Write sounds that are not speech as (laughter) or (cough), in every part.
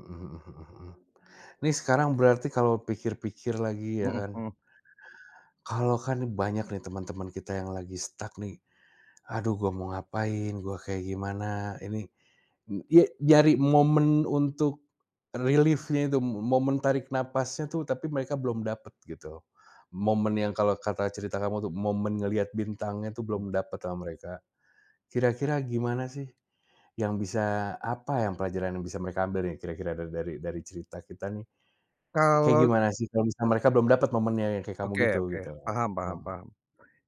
Mhm mhm mhm mhm, nih sekarang berarti kalau pikir-pikir lagi ya Mhm kan mhm. kalau kan nih banyak nih temen-temen kita yang lagi stuck nih, aduh gua mau ngapain, gua kayak gimana ini, eee, ye nyari momen untuk relief-nya itu, momen tarik napasnya tuh, tapi mereka belum dapet gitu, momen yang kalo kata cerita kamu tuh, momen ngeliat bintangnya tuh Hmm. belum dapet sama mereka. Kira-kira gimana sih yang bisa apa yang pelajaran yang bisa mereka ambil nih kira-kira dari dari cerita kita nih, kayak Kalau gimana sih kalau mereka belum dapat momennya yang kayak kamu Oke gitu, oke, gitu? paham paham Heeh. paham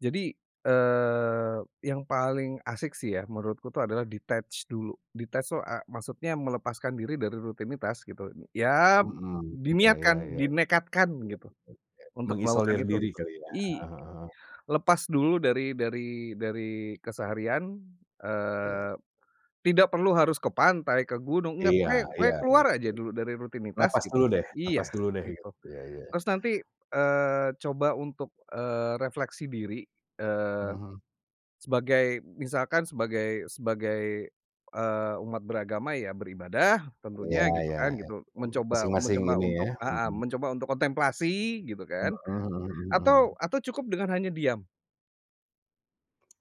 jadi, eee, yang paling asyik sih ya menurutku itu adalah detach dulu. Detach tuh, eee, maksudnya melepaskan diri dari rutinitas gitu, ya Mhm iya iya diniatkan, iya, iya dinekatkan gitu kayak untuk melakukan mengisolir itu diri gitu. kali ya. I Heeh heeh heeh. lepas dulu dari dari dari keseharian, Iya. eee, tidak perlu harus ke pantai, ke gunung, nggak, Iya pokonya iya pokoknya iya. keluar (unintelligible) aja dulu dari rutinitas Napas gitu. dulu deh Iya napas dulu deh gitu, gitu, iya iya. terus nanti, eee, coba untuk, eee, refleksi diri, eee, Mhm. sebagai misalkan sebagai sebagai, eee, umat beragama ya beribadah Iya tentunya gitu iya, kan gitu, (unintelligible) mencoba masing-masing mencoba ini ya, untuk heeh, mhm. mencoba untuk kontemplasi gitu kan, Mhm mhm atau mhm. atau cukup dengan hanya diam.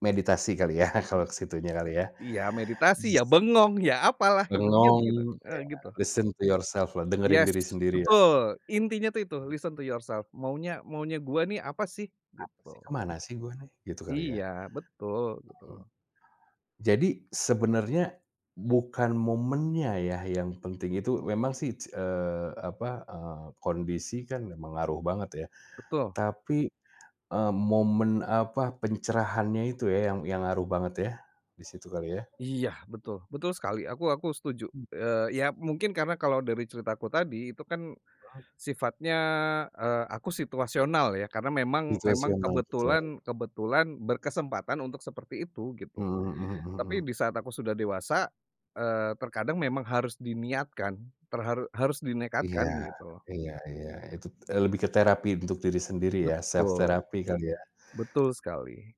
Meditasi kali ya. (chuckles) kalau ke situnya kali ya. Iya meditasi, ya Jes bengong, ya apalah gitu, diam Bengong gitu, heeh iya, gitu. listen to yourself lah, dengerin Yes, diri sendiri lah. betul, intinya tuh itu listen to yourself, maunya maunya gue nih apa sih "Apa sih, ke gitu. mana sih gua nih?" gitu kali ya. Iya, betul Heeh. betul. Jadi sebenarnya bukan momennya ya yang penting itu, memang sih, ce eee, apa, eee, kondisi kan ngaruh banget ya. Betul. Tapi, eee, momen apa, pencerahannya itu ya, yang yang ngaruh banget ya. Di situ kali ya. Iya betul, betul sekali aku aku setuju, Mmm. eee, ya mungkin karena kalau dari ceritaku tadi itu kan Oh. sifatnya, eee, aku situasional ya karena memang memang Situasional betul. kebetulan kebetulan berkesempatan untuk seperti itu gitu. Mhm mhm mhm Tapi mhm. di saat aku sudah dewasa, eee, terkadang memang harus diniatkan, ter harus Iya, dinekatkan gitu. iya iya itu e lebih ke terapi untuk diri sendiri ya, self Betul. therapy kali ya. Betul sekali.